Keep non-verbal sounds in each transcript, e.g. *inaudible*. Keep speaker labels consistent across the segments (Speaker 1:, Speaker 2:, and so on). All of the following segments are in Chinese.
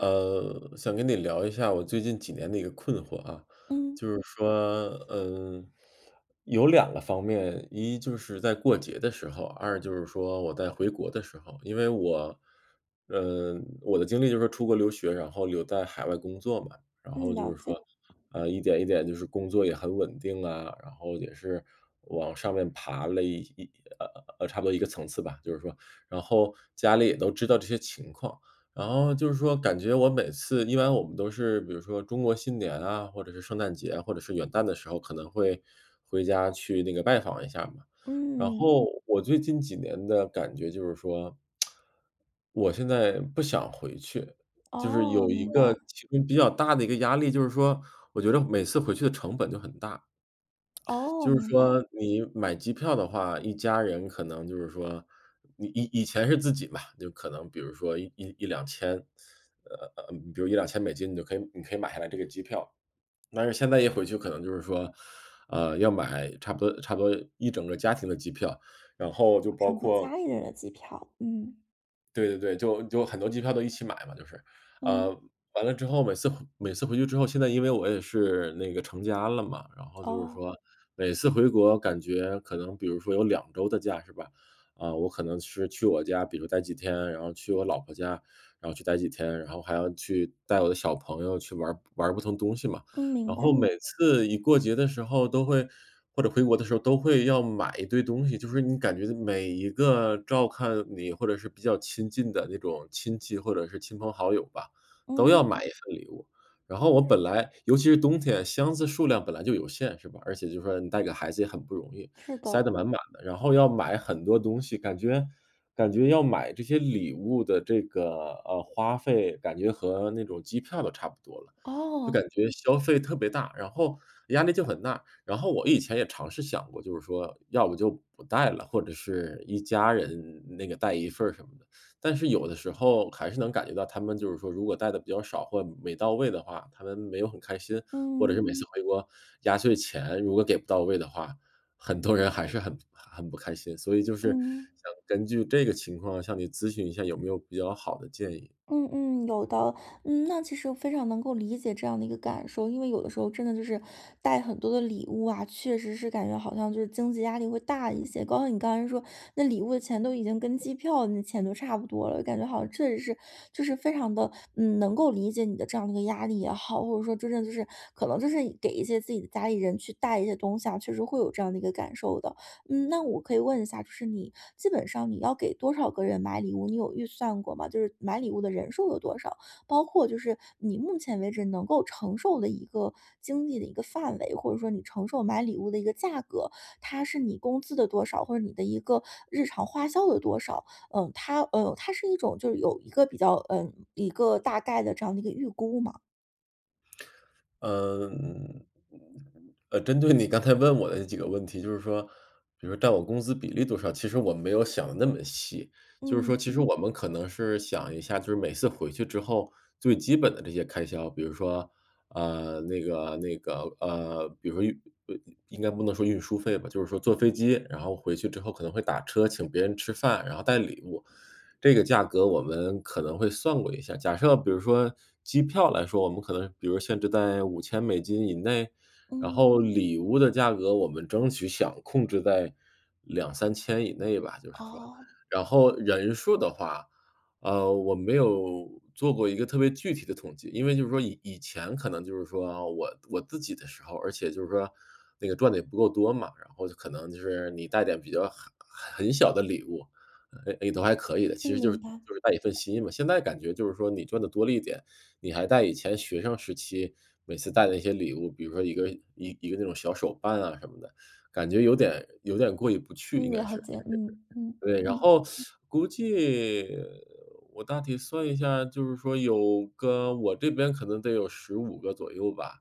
Speaker 1: 呃，想跟你聊一下我最近几年的一个困惑啊。
Speaker 2: 嗯。
Speaker 1: 就是说，嗯，有两个方面：一就是在过节的时候，二就是说我在回国的时候。因为我嗯，我的经历就是说出国留学，然后留在海外工作嘛。然后
Speaker 2: 嗯，
Speaker 1: 就
Speaker 2: 了
Speaker 1: 是
Speaker 2: 解。
Speaker 1: 说，呃，一点一点就是工作也很稳定啊，然后也是往上面爬了一一呃呃呃，差不多一个层次吧，就是说。然后家里也都知道这些情况，然后就是说感觉我每次，一般我们都是，比如说中国新年啊，或者是圣诞节，或者是元旦的时候，可能会，回家去那个拜访一下嘛。然
Speaker 2: 嗯。
Speaker 1: 后我最近几年的感觉就是说，*smacks lips* 我现在不想回去。就是有
Speaker 2: 哦，
Speaker 1: 一
Speaker 2: 明
Speaker 1: 个
Speaker 2: 白。
Speaker 1: 其中比较大的一个压力，就是说，我觉得每次回去的成本就很大。
Speaker 2: 哦，
Speaker 1: 就是
Speaker 2: 明白。
Speaker 1: 说你买机票的话，一家人可能就是说你以以前是自己吧，就可能比如说一一1000-2000，呃呃，嗯嗯，比如$1000-$2000，你就可以你可以买下来这个机票，但是现在一回去可能就是说，呃，要买差不多差不多一整个儿家庭的机票，然后就包
Speaker 2: 整个
Speaker 1: 括
Speaker 2: 家里的人的机票，嗯。
Speaker 1: 对对对，就就很多机票都一起买嘛就是。呃，
Speaker 2: 嗯。
Speaker 1: 完了之后每次回每次回去之后，现在因为我也是那个成家了嘛，然后就是
Speaker 2: 哦。
Speaker 1: 说，每次回国感觉可能比如说有2周的假是吧，啊，我可能是去我家，比如待几天，然后去我老婆家，然后去待几天，然后还要去带我的小朋友去玩儿玩儿不同东西嘛。
Speaker 2: 嗯，明
Speaker 1: 然后
Speaker 2: 白。
Speaker 1: 每次一过节的时候都会或者回国的时候都会要买一堆东西，就是你感觉每一个照看你或者是比较亲近的那种亲戚或者是亲朋好友吧，都要
Speaker 2: 嗯。
Speaker 1: 买一份礼物。然后我本来尤其是冬天，箱子数量本来就有限是吧，而且就是说你带个孩子也很不容易，
Speaker 2: 是
Speaker 1: 塞
Speaker 2: 的。
Speaker 1: 得满满的。然后要买很多东西，感觉感觉要买这些礼物的这个，呃，花费，感觉和那种机票都差不多了。就
Speaker 2: 哦。
Speaker 1: 感觉消费特别大，然后压力就很大。然后我以前也尝试想过，就是说要不就不带了，或者是一家人那个带一份儿什么的。但是有的时候还是能感觉到，他们就是说如果带的比较少或没到位的话，他们没有很开心，或者是
Speaker 2: 嗯。
Speaker 1: 每次回国，压岁钱如果给不到位的话，很多人还是很很不开心。所以就是
Speaker 2: 嗯。
Speaker 1: 想根据这个情况向你咨询一下有没有比较好的建议。
Speaker 2: 嗯嗯，有的。嗯，那其实我非常能够理解这样的一个感受，因为有的时候真的就是带很多的礼物啊，确实是感觉好像就是经济压力会大一些，包括你刚才说，那礼物的钱都已经跟机票那钱都差不多了，感觉好像确实是就是非常地，嗯，能够理解你的这样的一个压力也好，或者说真正就是可能就是给一些自己的家里人去带一些东西啊，确实会有这样的一个感受的。嗯，那我可以问一下就是你基本上你要给多少个人买礼物，你有预算过吗？就是买礼物的人数有多少？包括就是你目前为止能够承受的一个经济的一个范围，或者说你承受买礼物的一个价格，它是你工资的多少，或者你的一个日常花销的多少？呃，它，呃，它是一种就是有一个比较，呃，一个大概的这样的一个预估吗？
Speaker 1: 呃，嗯，嗯，呃，针对你刚才问我的那几个问题，就是说比如占我工资比例多少，其实我没有想得那么细。就是说
Speaker 2: 嗯。
Speaker 1: 其实我们可能是想一下就是每次回去之后，最基本的这些开销，比如说，呃，那个那个呃，比如说运呃应该不能说运输费吧，就是说坐飞机，然后回去之后可能会打车，请别人吃饭，然后带礼物，这个价格我们可能会算过一下。假设比如说机票来说，我们可能比如限制在5000美金以内，然后
Speaker 2: 嗯。
Speaker 1: 礼物的价格我们争取想控制在2000-3000以内吧，就是说。
Speaker 2: 哦。
Speaker 1: 然后人数的话，呃，我没有做过一个特别具体的统计。因为就是说以以前可能就是说，啊，我我自己的时候儿而且就是说那个赚得也不够多嘛。然后就可能就是你带点比较很很很小的礼物，也也都还可以的，
Speaker 2: 嗯，
Speaker 1: 其实就
Speaker 2: 明
Speaker 1: 是
Speaker 2: 白。
Speaker 1: 就是带一份心嘛，现在感觉就是说你赚得多了一点，你还带以前学生时期每次带的那些礼物，比如说一个一一个那种小手办啊什么的，感觉有点有点过意不去，
Speaker 2: 嗯，
Speaker 1: 应该
Speaker 2: 了
Speaker 1: 是。
Speaker 2: 解，嗯，嗯，
Speaker 1: *unintelligible* 对，然
Speaker 2: 嗯。
Speaker 1: 后 *sucks teeth* 估计我大体算一下，就是说有个我这边可能得有15个左右吧，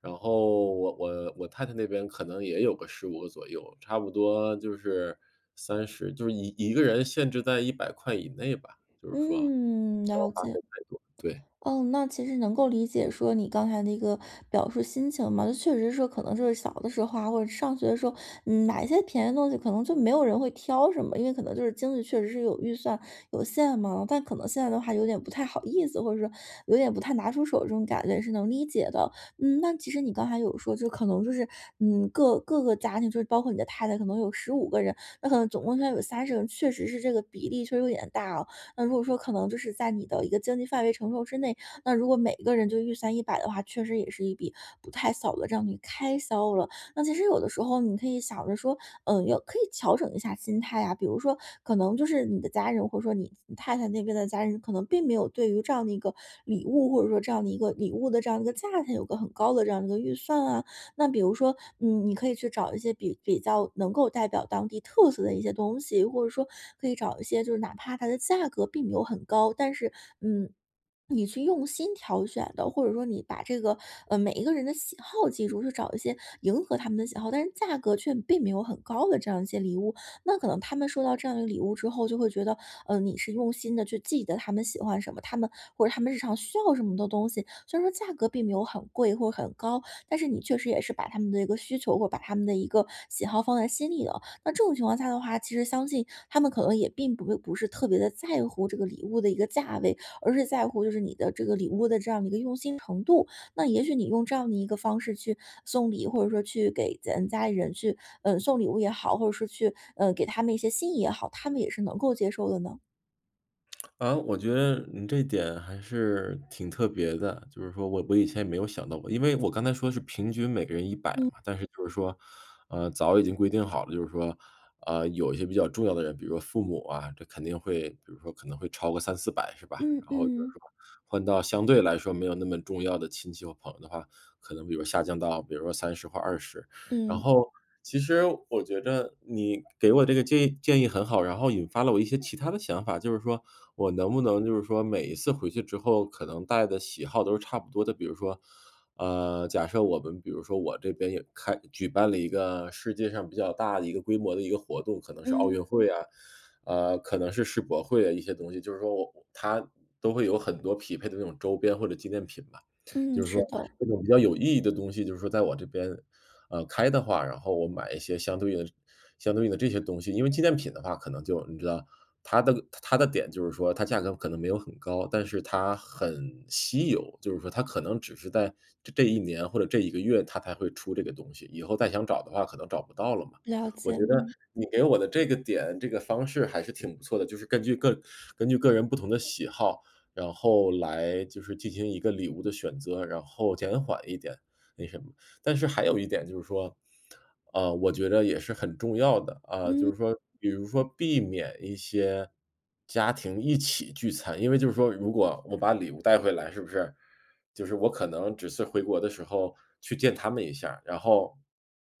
Speaker 1: 然后我我我太太那边可能也有个15个左右，差不多就是30，就是11个人限制在¥100以内吧，就是说不要花
Speaker 2: 嗯，了解。
Speaker 1: 费太多，对。
Speaker 2: 嗯，那其实能够理解说你刚才那个表述心情嘛。那确实说可能是小的时候啊，或者是上学的时候，嗯，买一些便宜的东西可能就没有人会挑什么。因为可能就是经济确实是有预算，有限嘛，但可能现在的话有点不太好意思，或者说有点不太拿出手，这种感觉也是能理解的。嗯，那其实你刚才有说，就可能就是，嗯，各各个家庭，就是包括你的太太，可能有15个人，那可能总共要有30个人，确实是这个比例确实有点大哦。那如果说可能就是在你的一个经济范围承受之内，那如果每个人就预算100的话，确实也是一笔不太小的这样一个开销了。那其实有的时候你可以想着说，呃，有可以调整一下心态啊，比如说，可能就是你的家人，或者说你你太太那边的家人，可能并没有对于这样的一个礼物，或者说这样的一个礼物的这样的一个价钱有个很高的这样一个预算啊。那比如说，嗯，你可以去找一些比比较能够代表当地特色的一些东西，或者说可以找一些就是哪怕它的价格并没有很高，但是，嗯，*swallows* 你去用心挑选的。或者说你把这个呃，每一个人的喜好记住，去找一些迎合他们的喜好，但是价格却并没有很高的这样一些礼物，那可能他们收到这样一个礼物之后，就会觉得，嗯，你是用心地去记得他们喜欢什么。他们或者他们日常需要什么的东西，虽然说价格并没有很贵或很高，但是你确实也是把他们的一个需求或者把他们的一个喜好放在心里了。那这种情况下的话，其实相信他们可能也并不会不是特别地在乎这个礼物的一个价位，而是在乎就是你的这个礼物的这样一个用心程度。那也许你用这样的一个方式去送礼，或者说去给咱家里人去，嗯，送礼物也好，或者说去，呃，给他们一些心意也好，他们也是能够接受的呢？
Speaker 1: 啊，我觉得你这点还是挺特别的，就是说我我以前也没有想到过。因为我刚才说的是平均每个人100
Speaker 2: 嗯。
Speaker 1: 嘛，但是就是说，呃，早已经规定好了，就是说，呃，有一些比较重要的人，比如说父母啊，这肯定会比如说可能会超过300-400，是吧？
Speaker 2: 嗯
Speaker 1: 然后就是
Speaker 2: 嗯。
Speaker 1: 说，换到相对来说没有那么重要的亲戚和朋友的话，可能比如说下降到比如说30或20。然
Speaker 2: 嗯。
Speaker 1: 后，其实我觉着你给我这个建议建议很好，然后引发了我一些其它的想法，就是说，我能不能就是说每一次回去之后可能带的喜好都是差不多的？比如说，呃，假设我们比如说我这边也开举办了一个世界上比较大的一个规模的一个活动，可能是奥运
Speaker 2: 嗯。
Speaker 1: 会啊，呃，可能是世博会啊，一些东西，就是说我我它都会有很多匹配的那种周边或者纪念品吧。
Speaker 2: 嗯，
Speaker 1: 就是说，
Speaker 2: 是的。
Speaker 1: 这种比较有意义的东西就是说在我这边，呃，开的话，然后我买一些相对应的这相对应的这些东西。因为纪念品的话可能就，你知道，它的个它它的点就是说，它价格可能没有很高，但是它很稀有。就是说它可能只是在这这一年或者这一个月它才会出这个东西，以后再想找的话可能找不到了嘛。
Speaker 2: 了
Speaker 1: 我觉
Speaker 2: 解，
Speaker 1: 得，
Speaker 2: 嗯。
Speaker 1: 你给我的这个点、这个方式还是挺不错的，就是根据个根据个人不同的喜好，然后来就是进行一个礼物的选择，然后减缓一点，那什么。但是还有一点就是说，呃，我觉着也是很重要的，啊，就
Speaker 2: 嗯。
Speaker 1: 是说比如说避免一些家庭一起聚餐。因为就是说，如果我把礼物带回来，是不是？就是我可能只是回国的时候去见他们一下儿，然后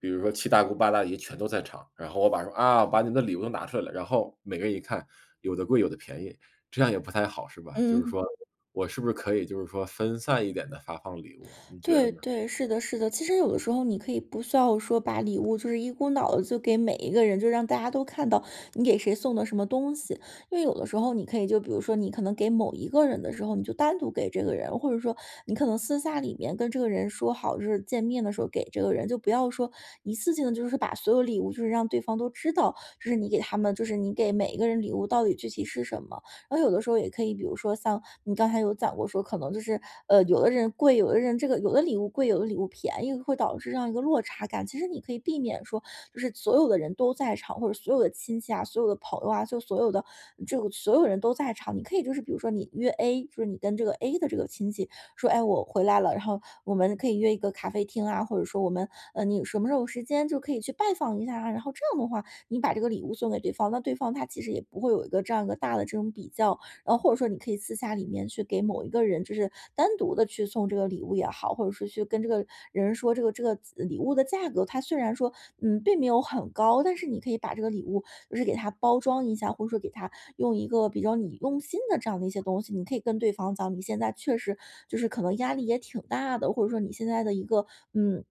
Speaker 1: 比如说七大姑八大姨全都在场，然后我把说：“啊，把你的礼物都拿出来了。”然后每个人一看，有的贵、有的便宜，这样也不太好，是吧？就是
Speaker 2: 嗯。
Speaker 1: 说，我是不是可以就是说分散一点地发放礼物，你觉得
Speaker 2: 对
Speaker 1: 呢？
Speaker 2: 对，是的是的。其实有的时候你可以不需要说把礼物就是一股脑地就给每一个人，就是让大家都看到你给谁送的什么东西。因为有的时候你可以就比如说你可能给某一个人的时候，你就单独给这个人，或者说你可能私下里面跟这个人说好，就是见面的时候给这个人，就不要说一次性地就是把所有礼物就是让对方都知道，这是你给他们就是你给每一个人礼物到底具体是什么。然后有的时候也可以，比如说像你刚才有讲过说可能就是，呃，有的人贵，有的人这个有的礼物贵、有的礼物便宜会导致这样一个落差感。其实你可以避免说就是所有的人都在场，或者所有的亲戚啊、所有的朋友啊，就所有的这个所有人都在场。你可以就是比如说你约 A，就是你跟这个 A 的这个亲戚说：“哎呀，我回来了，然后我们可以约一个咖啡厅啊，或者说我们呃，你有什么时候有时间就可以去拜访一下儿啊。”然后这样的话，你把这个礼物送给对方，那对方他其实也不会有一个这样一个大的这种比较。然后或者说你可以私下里面去给某一个人，就是单独地去送这个礼物也好，或者说去跟这个人说这个这个子呃，礼物的价格，它虽然说，嗯，并没有很高，但是你可以把这个礼物就是给它包装一下，或者说给它用一个比较你用心的这样的一些东西。你可以跟对方讲，你现在确实就是可能压力也挺大的，或者说你现在的一个，嗯，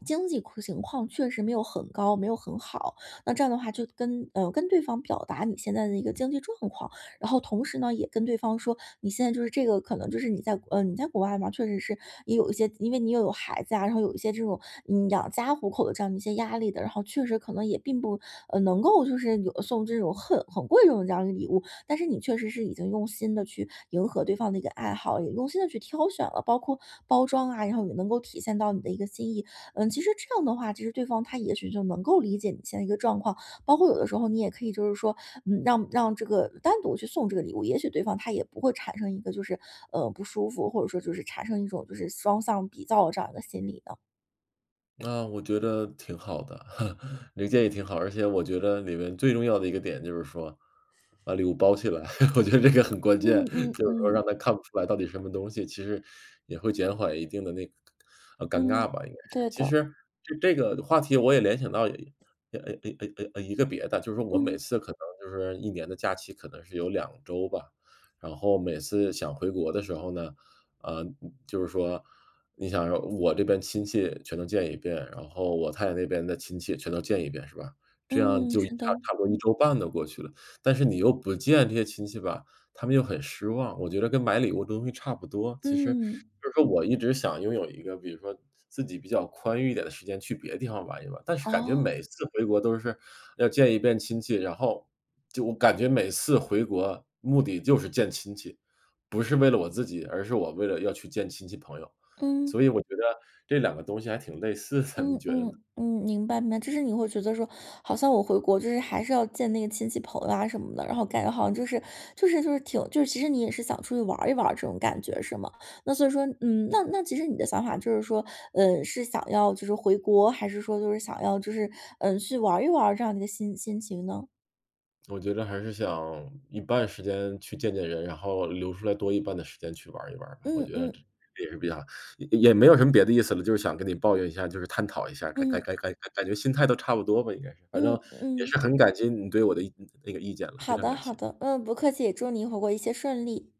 Speaker 2: *swallows* 经济况情况确实没有很高、没有很好，那这样的话就跟呃，跟对方表达你现在的一个经济状况。然后同时呢，也跟对方说，你现在就是这个可能就是你在国嗯，你在国外嘛，确实是也有一些自因为你又有孩子啊，然后有一些这种，嗯，养家糊口的这样的一些压力的，然后确实可能也并不，呃，能够就是有送这种很很贵重的这样一个礼物。但是你确实是已经用心地去迎合对方的一个爱好，也用心地去挑选了，包括包装啊，然后也能够体现到你的一个心意。嗯，其实这样的话，其实对方他也许就能够理解你现在一个状况。包括有的时候你也可以就是说，嗯，让让这个单独去送这个礼物，也许对方他也不会产生一个就是，呃，不舒服，或者说就是产生一种就是双向比较这样一个心理的。
Speaker 1: 啊，我觉得挺好的，*chuckles* 你建议挺好，而且我觉得里面最重要的一个点就是说把礼物包起来。*chuckles* 我觉得这个很关键，
Speaker 2: 嗯嗯
Speaker 1: 就是说
Speaker 2: 嗯。
Speaker 1: 让他看不出来到底什么东西，其实也会减缓一定的那个呃，尴尬
Speaker 2: 嗯，
Speaker 1: 吧应该是，
Speaker 2: 对
Speaker 1: 其
Speaker 2: 的。
Speaker 1: 实这这个话题我也联想到，诶诶诶诶诶诶，一个别的，就是我每
Speaker 2: 嗯。
Speaker 1: 次可能就是1年的假期，可能是有2周吧。然后每次想回国的时候呢，呃，就是说你想说，我这边亲戚全都见一遍，然后我太太那边的亲戚全都见一遍，是吧？这样
Speaker 2: 嗯，
Speaker 1: 就差
Speaker 2: 知道。
Speaker 1: 差不多1周半都过去了。但是你又不见这些亲戚吧，他们又很失望，我觉得跟买礼物东西差不多。其实
Speaker 2: 嗯。
Speaker 1: 就是说我一直想拥有一个比如说自己比较宽裕一点的时间，去别的地方玩一玩，但是感觉
Speaker 2: 哦。
Speaker 1: 每次回国都是要见1遍亲戚，然后就我感觉每次回国，目的就是见亲戚，不是为了我自己，而是我为了要去见亲戚朋友。所
Speaker 2: 嗯。
Speaker 1: 以我觉得这两个东西还挺类似的，
Speaker 2: 嗯
Speaker 1: 你觉得
Speaker 2: 嗯，
Speaker 1: 呢？
Speaker 2: 嗯，明白明白。就是你会觉得说好像我回国就是还是要见那个亲戚朋友啊什么的，然后感觉好像就是就是就是挺就是其实你也是想出去玩儿一玩儿这种感觉，是吗？那所以说嗯，那那其实你的想法就是说，呃，是想要就是回国，还是说就是想要就是，嗯，去玩儿一玩儿，这样一个心心情呢？
Speaker 1: 我觉着还是想一半时间去见见人，然后留出来多一半的时间去玩儿一玩儿。我
Speaker 2: 嗯
Speaker 1: 觉得这
Speaker 2: 嗯。
Speaker 1: 也是比较也也没有什么别的意思了，就是想跟你抱怨一下，就是探讨一下儿，该
Speaker 2: 嗯。
Speaker 1: 该该感觉心态都差不多吧应该是，反
Speaker 2: 嗯
Speaker 1: 正也是
Speaker 2: 嗯。
Speaker 1: 很感激你对我的一那那个意见了，非
Speaker 2: 好
Speaker 1: 常
Speaker 2: 的
Speaker 1: 感
Speaker 2: 好
Speaker 1: 谢。
Speaker 2: 的，嗯，不客气，祝你回国一切顺利。